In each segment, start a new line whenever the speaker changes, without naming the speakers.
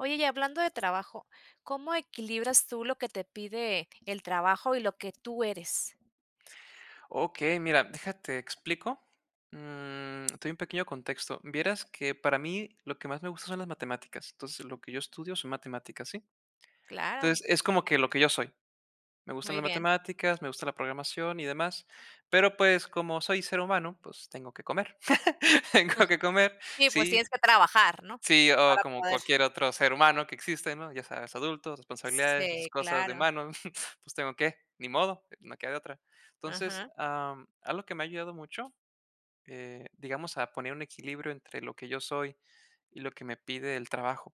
Oye, y hablando de trabajo, ¿cómo equilibras tú lo que te pide el trabajo y lo que tú eres?
Okey, mira, deja te explico. Mm, te doy un pequeño contexto. Vieras que, para mí, lo que más me gusta son las matemáticas, entonces lo que yo estudio son matemáticas, ¿sí?
Claro.
Entonces, es como que lo que yo soy. Me gustan
Muy
las
bien.
matemáticas, me gusta la programación y demás, pero, pues, como soy ser humano, pues tengo que comer. Tengo que comer,
Sí, pues, tienes
sí.
que trabajar, ¿no?
Sí, o
Para
como
poder
cualquier otro ser humano que existe, ¿no? Ya sabes, adultos, responsabilidades, esas
Sí,
cosas de
claro.
humano, pues, tengo que, ni modo, no queda de otra. Entonces,
Aja.
am, algo que me ha ayudado mucho, eh, digamos, a poner un equilibrio entre lo que yo soy y lo que me pide el trabajo,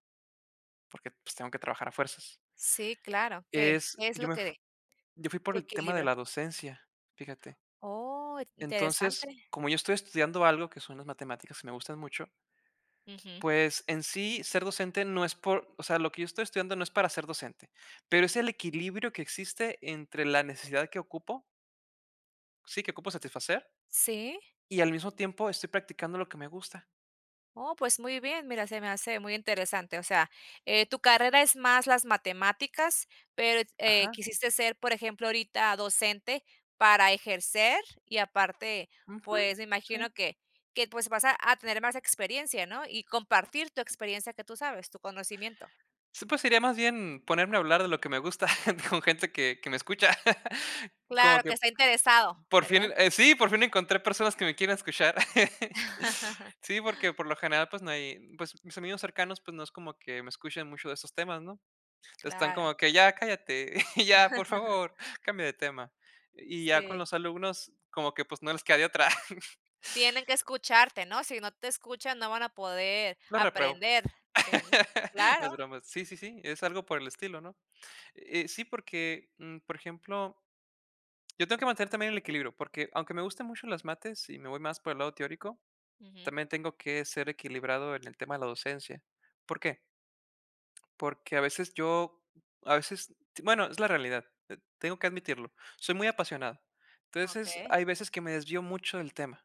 porque, pues, tengo que trabajar a fuerzas.
Sí, claro, que
Es
es lo
yo me
que de
yo fui por
tu
el tema de
equilibrio.
la docencia, fíjate.
Oh,
Entonces,
interesante.
como yo estoy estudiando algo que son las matemáticas y me gustan mucho
Ujú.
pues, en sí, ser docente no es por o sea, lo que yo estoy estudiando no es para ser docente, pero es el equilibrio que existe entre la necesidad que ocupo sí, que ocupo satisfacer.
Sí.
Y al mismo tiempo, estoy practicando lo que me gusta.
Oh, pues muy bien. Mira, se me hace muy interesante, o sea, eh, tu carrera es más las matemáticas, pero eh,
Ajá.
quisiste ser, por ejemplo, ahorita docente para ejercer, y aparte,
Ujú.
pues, me
Sí.
imagino que que, pues, vas a a tener más experiencia, ¿no? Y compartir tu experiencia que tú sabes, tu conocimiento.
Sí, pues sería más bien ponerme a hablar de lo que me gusta con gente que que me escucha. Como
Claro, que
que
está interesado,
por fin
¿verdad?
eh, sí, por fin encontré personas que me quieran escuchar. Sí, porque por lo general, pues, no hay pues, mis amigos cercanos, pues, no es como que me escuchen mucho de estos temas, ¿no? Están
Claro.
como que: "Ya cállate, ya, por favor, cambia de tema". Y ya con
Sí.
los alumnos como que, pues, no les queda de otra.
Tienen que escucharte, ¿no? Si no te escuchan no van a poder
Lo repruebo.
aprender, si no
No,
Claro.
es broma. Sí, sí, sí, es algo por el estilo, ¿no? Eh sí, porque, mm, por ejemplo yo tengo que mantener también el equilibrio, porque aunque me gusten mucho las mates, y me voy más por el lado teórico,
Ujú.
también tengo que ser equilibrado en el tema de la docencia. ¿Por qué? Porque, a veces, yo a veces bueno, es la realidad, eh, tengo que admitirlo. Soy muy apasionado. Entonces,
Okey.
hay veces que me desvío mucho del tema.